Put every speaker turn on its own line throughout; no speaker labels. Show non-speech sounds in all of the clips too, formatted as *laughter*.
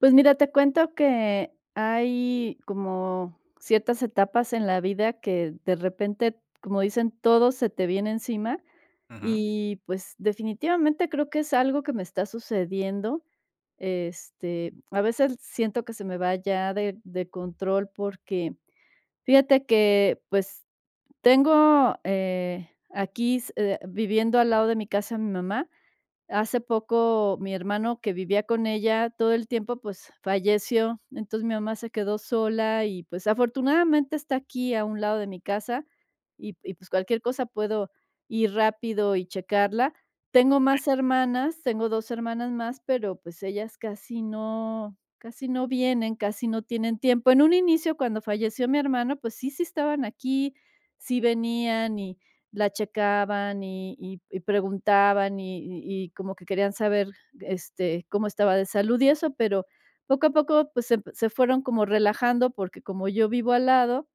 Pues, mira, te cuento que hay como ciertas etapas en la vida que, de repente, como dicen: "Todo se te viene encima"
Ujú.
y, pues, definitivamente, creo que es algo que me está sucediendo. Este, a veces siento que se me va ya de de control porque fíjate que, pues, tengo, eh, aquí s viviendo al lado de mi casa, a mi mamá. Hace poco mi hermano que vivía con ella todo el tiempo, pues falleció. Entonces, mi mamá se quedó sola y, pues, afortunadamente está aquí a un lado de mi casa y p y pues, cualquier cosa puedo ir rápido y checarla. Tengo
Sí.
más hermanas, tengo 2 hermanas más, pero, pues, ellas casi no casi no vienen, casi no tienen tiempo. En un inicio, cuando falleció mi hermano, pues, sí, sí estaban aquí, sí venían y la checaban, y y y preguntaban, y y y como que querían saber, este, cómo estaba de salud y eso, pero poco a poco, pues, se se fueron como relajando porque como yo vivo al lado,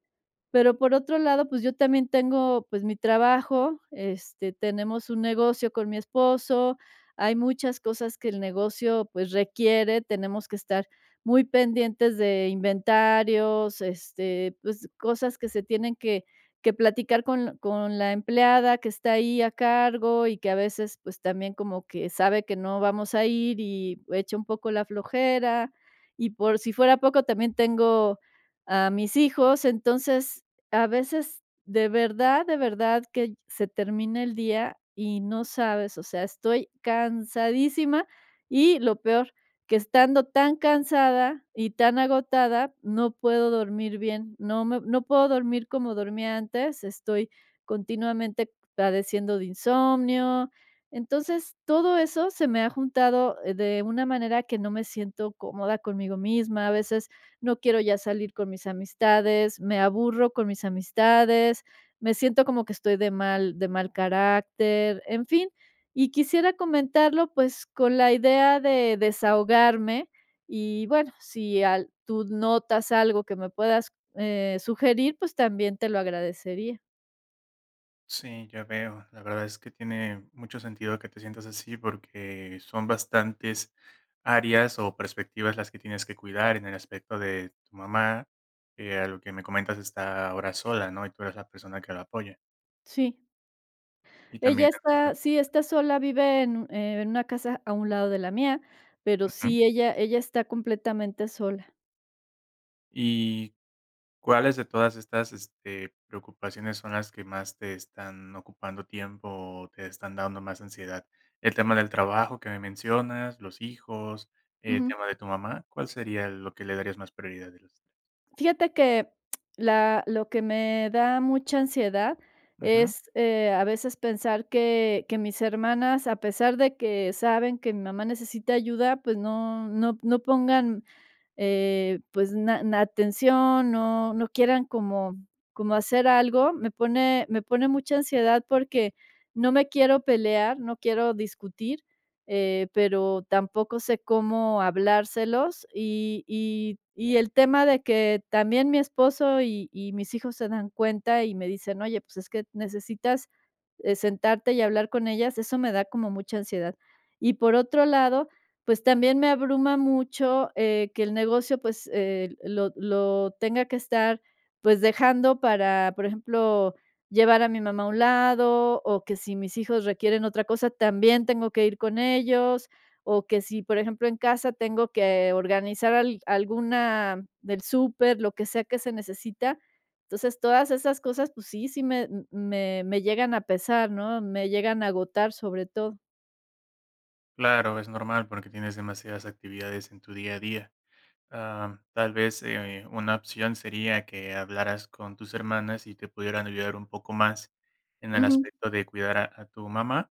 pero por otro lado, pues, yo también tengo, pues, mi trabajo, este, tenemos un negocio con mi esposo, hay muchas cosas que el negocio, pues, requiere, tenemos que estar muy pendientes de inventarios, este, pues, cosas que se tienen que que platicar con con la empleada que está ahí a cargo y que a veces, pues, también como que sabe que no vamos a ir y echa un poco la flojera, y por si fuera poco también tengo a mis hijos. Entonces, a veces, de verdad de verdad que se termina el día y no sabes, o sea, estoy cansadísima, y lo peor, que estando tan cansada y tan agotada, no puedo dormir bien, no me no puedo dormir como dormía antes, estoy continuamente padeciendo de insomnio. Entonces, todo eso se me ha juntado de una manera que no me siento cómoda conmigo misma, a veces no quiero ya salir con mis amistades, me aburro con mis amistades, me siento como que estoy de mal de mal carácter, en fin. Y quisiera comentarlo, pues, con la idea de desahogarme y, bueno, si al tú notas algo que me puedas, eh, sugerir, pues, también te lo agradecería.
Sí, ya veo, la verdad es que tiene mucho sentido, que te sientas así, porque, son bastantes áreas, o perspectivas las que tienes que cuidar, en el aspecto de tu mamá. Eh, a lo que me comentas está ahora sola, ¿no? Y tú eres la persona que la apoya.
Sí.
Y también
Ella
en el tema
está,
del
sí, está
trabajo
sola, vive en uh en una casa, a un lado de la mía, pero
Ujú.
sí, ella ella está completamente sola.
¿Y, cuáles de todas estas, este, preocupaciones, son las que más te están ocupando tiempo, o te están dando más ansiedad? El tema del trabajo, que me mencionas, los hijos, el
Ujú.
tema de tu mamá, ¿cuál sería lo que le darías más prioridad de los 3?
Fíjate, que *smacks lips* la lo que me da mucha ansiedad,
Ujú.
es, eh, a veces pensar que que mis hermanas, a pesar de que saben que mi mamá, necesita ayuda, pues, no no p no pongan, eh, pues, na a atención, no no quieran, como como hacer algo. Me pone me pone mucha ansiedad, porque, no me quiero pelear, no quiero discutir, eh, pero, tampoco sé cómo hablárselos, Y y y el tema de que también mi esposo, y y mis hijos se dan cuenta, y me dicen: "Oye, pues, es que necesitas sentarte, eh, hablar con ellas", eso me da como mucha ansiedad. Y por otro lado, pues, también me abruma mucho, eh, que el negocio, pues, eh, lo lo tenga que estar, pues, dejando para, por ejemplo, llevar a mi mamá, a un lado, o que si mis hijos requieren otra cosa, también, tengo que ir con ellos, o que si, por ejemplo, en casa tengo que organizar al alguna del súper, lo que sea que se necesita. Entonces, todas esas cosas, pues sí sí, me me me llegan a pesar, ¿no? Me llegan a agotar, sobre todo.
Claro, es normal porque, tienes demasiadas actividades en tu día a día. Ah, tal vez, eh, una opción sería que hablaras con tus hermanas y te pudieran ayudar un poco más en el
Ujú.
aspecto de cuidar a a tu mamá,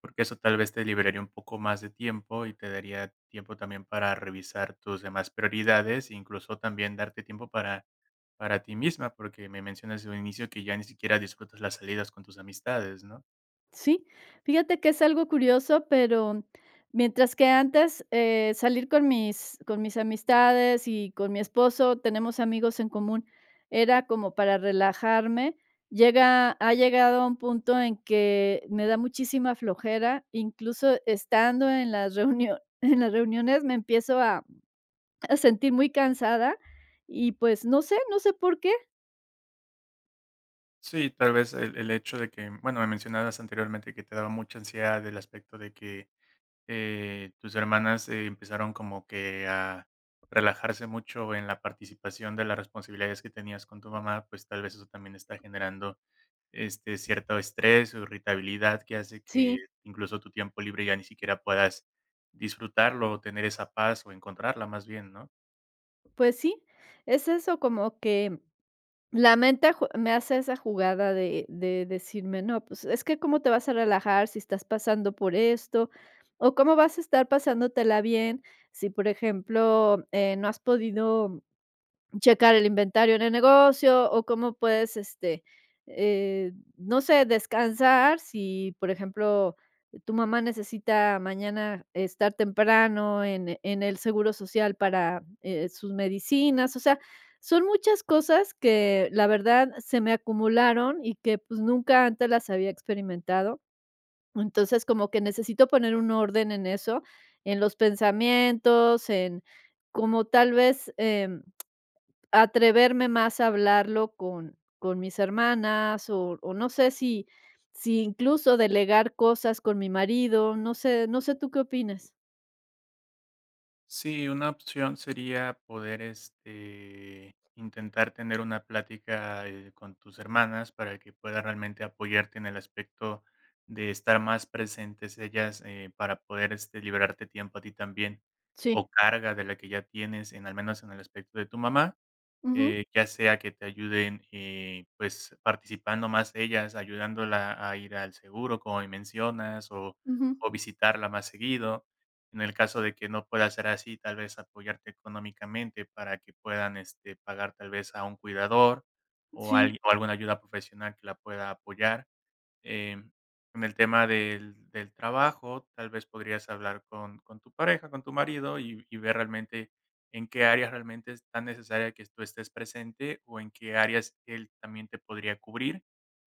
porque, eso tal vez te liberaría un poco más de tiempo y te daría tiempo también para revisar tus demás prioridades, incluso también, darte tiempo para para ti misma, porque me mencionas desde un inicio que ya ni siquiera disfrutas las salidas con tus amistades, ¿no?
Sí. Fíjate que es algo curioso, pero, mientras que antes, eh, salir con mis con mis amistades y con mi esposo, tenemos amigos en común, era como para relajarme, llega ha llegado a un punto en que me da muchísima flojera, incluso estando en las reunio *chuckles* en las reuniones me empiezo a a sentir muy cansada y, pues, no sé no sé, por qué.
Sí, tal vez, el el hecho de que, bueno, me mencionabas anteriormente que te daba mucha ansiedad del aspecto de que, eh, tus hermanas empezaron como que a relajarse mucho en la participación de las responsabilidades que tenías con tu mamá, pues, tal vez eso también está generando, este, cierto estrés, o irritabilidad que hace que
Sí.
incluso tu tiempo libre ya ni siquiera puedas disfrutarlo, o tener esa paz o encontrarla más bien, ¿no?
Pues sí, es eso, como que la mente jue me hace esa jugada de de decirme, no, pues, es que cómo te vas a relajar, si estás pasando por esto, o cómo vas a estar pasándotela bien, si, por ejemplo, eh, no has podido checar el inventario en el negocio, o cómo puedes, este, eh, no sé, descansar si, por ejemplo, tu mamá necesita, mañana estar temprano en en el seguro social, eh, para sus medicinas. O sea, son muchas cosas que, la verdad, se me acumularon y que, pues, nunca antes las había experimentado. Entonces, como que necesito, poner un orden en eso, en los pensamientos, en como tal vez, em, atreverme más a hablarlo con con mis hermanas, o o no sé, si si incluso delegar cosas con mi marido, no sé no sé, tú qué opines.
Sí, una opción, sería poder, este, intentar, tener una plática, eh, con tus hermanas, para que puedan, realmente apoyarte en el aspecto, de estar más presentes ellas, eh, para poder este liberarte tiempo a ti también, o
Sí.
carga de la que ya tienes, en al menos en el aspecto de tu mamá.
Ujú.
Eh, ya sea que te ayuden, eh, pues, participando más ellas, ayudándola a ir al seguro, como mencionas, o
Ujú.
o visitarla más seguido. En el caso de que no pueda ser así, tal vez, apoyarte económicamente, para que puedan, este, pagar tal vez, a un cuidador, o
Sí.
algui o alguna ayuda profesional que la pueda apoyar. Em, en el tema del del trabajo, tal vez, podrías hablar con con tu pareja, con tu marido, y y ver realmente en qué área, realmente es tan necesaria, que tú estés presente, o en qué áreas, él también te podría cubrir.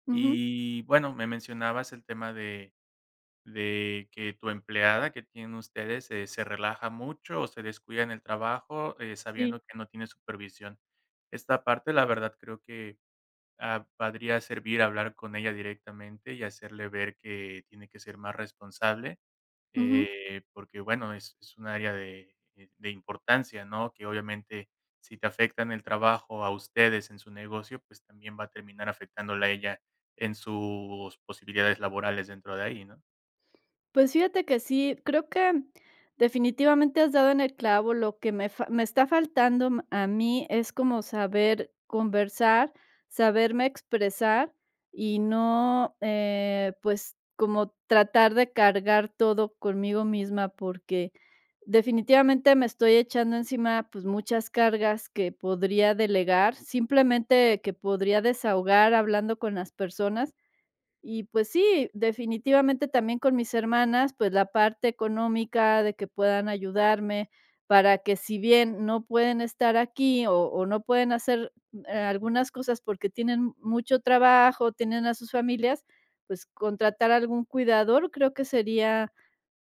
Ujú.
Y y bueno, me mencionabas el tema de de que, tu empleada, que tienen ustedes, eh, se se relaja mucho, o se descuida en el trabajo, eh,
Sí.
sabiendo que no tiene supervisión. Esta parte, la verdad, creo que, ah, podría, servir hablar con ella directamente, y hacerle ver, que tiene que ser más responsable,
Ujú.
eh, porque bueno, es es un área de de importancia, ¿no? Que obviamente, si te afecta en el trabajo a ustedes en su negocio, pues, también va a terminar afectándola a ella, en sus posibilidades laborales dentro de ahí, ¿no?
Pues fíjate que sí, creo que definitivamente, has dado en el clavo, lo que me fa me está faltando a mí, es como saber conversar, saberme expresar, y no, eh, pues, como tratar de cargar todo conmigo misma, porque, definitivamente me estoy echando encima, pues, muchas cargas que podría delegar, simplemente, que podría desahogar hablando con las personas. Y, pues, sí, definitivamente también, con mis hermanas, pues, la parte económica, de que puedan ayudarme, para que si bien no pueden estar aquí, o o no pueden hacer algunas cosas, porque, tienen mucho trabajo, tienen a sus familias, pues, contratar algún cuidador, creo que sería,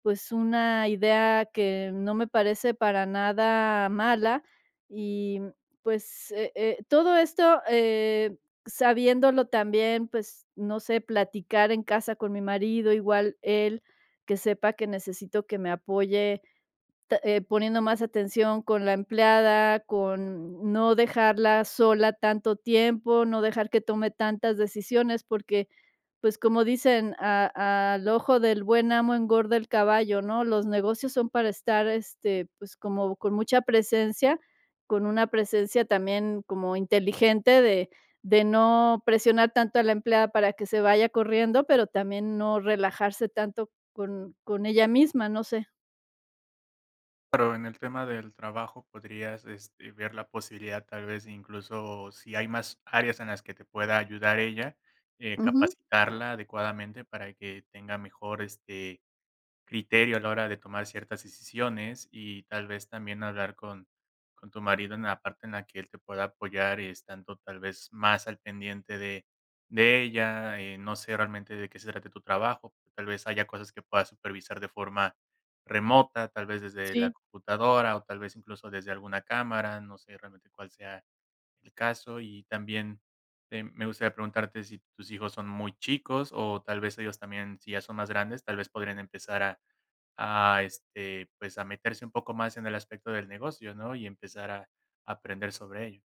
pues, una idea que no me parece para nada mala. Y, mm, pues, eh eh, todo esto, eh, sabiéndolo también, pues, no sé, platicar en casa con mi marido, igual él, que sepa que necesito que me apoye, ta poniendo más atención con la empleada, con no dejarla sola tanto tiempo, no dejar que tome tantas decisiones, porque, pues, como dicen, a a al ojo del buen amo, engorda el caballo, ¿no? Los negocios son para estar, este, pues, como con mucha presencia, con una presencia también, como inteligente de de no presionar tanto a la empleada, para que se vaya corriendo, pero, también, no relajarse tanto con con ella misma, no sé.
Pero, en el tema del trabajo, podrías, este, ver la posibilidad, tal vez incluso, si hay más áreas en las que te pueda ayudar ella. Eh,
Ujú.
capacitarla adecuadamente para que tenga mejor, este, criterio a la hora de tomar ciertas decisiones y tal vez, también hablar con con tu marido en la parte en la que él te pueda apoyar estando tal vez más al pendiente de de ella, eh, no sé realmente de se trate tu trabajo, tal vez haya cosas que puedas supervisar de forma remota, tal vez desde la
Sí.
computadora, o tal vez, incluso desde alguna cámara, no sé realmente cuál sea el caso. Y también, em, me gustaría preguntarte si tus hijos son muy chicos, o tal vez ellos también, si ya son más grandes, tal vez podrían empezar a a este, pues, a meterse un poco más en el aspecto del negocio, ¿no? Y empezar a aprender sobre ello.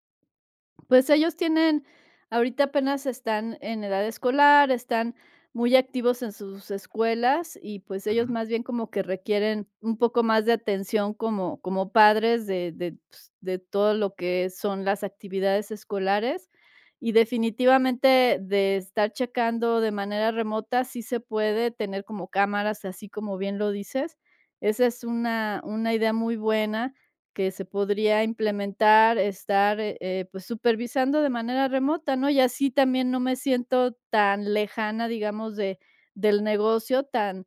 Pues, ellos tienen, ahorita apenas están en edad escolar, están muy activos en sus escuelas y, pues, ellos
Ujú.
más bien como que requieren un poco más de atención como como padres de de, pues, de todo lo que son las actividades escolares. Y definitivamente, de estar checando de manera remota, sí se puede tener como cámaras, así como bien lo dices. Esa es una una idea muy buena que se podría implementar, estar, eh, pues, supervisando de manera remota, ¿no? Y así también no me siento tan lejana, digamos, de del negocio tan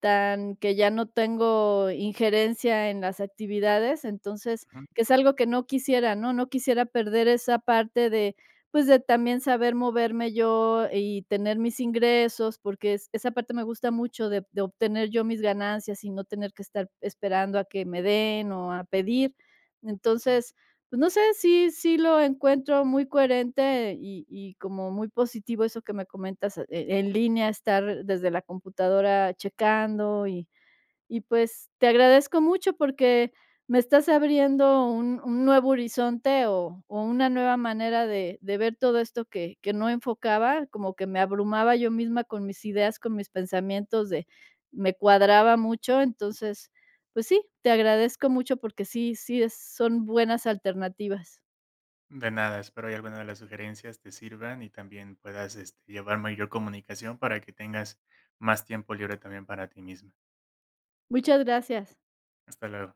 tan que ya no tengo injerencia en las actividades. Entonces,
Ujú.
que es algo que no quisiera, ¿no? No quisiera perder esa parte de, pues, de también saber moverme yo y tener mis ingresos, porque, es esa parte me gusta mucho de de obtener yo mis ganancias y no tener que estar esperando a que me den, o a pedir. Entonces, pues, no sé, sí sí lo encuentro muy coherente y y como muy positivo eso que me comentas, eh, en línea estar desde la computadora checando y y, pues, te agradezco mucho, porque, me estás abriendo un un nuevo horizonte o o una nueva manera de de ver todo esto, que que no enfocaba, como que me abrumaba yo misma con mis ideas, con mis pensamientos de me cuadraba mucho. Entonces, pues sí, te agradezco mucho porque, sí sí es son buenas alternativas.
De nada, espero y alguna de las sugerencias te sirvan y también puedas, este, llevar mayor comunicación para que tengas más tiempo libre también para ti misma.
Muchas gracias.
Hasta luego.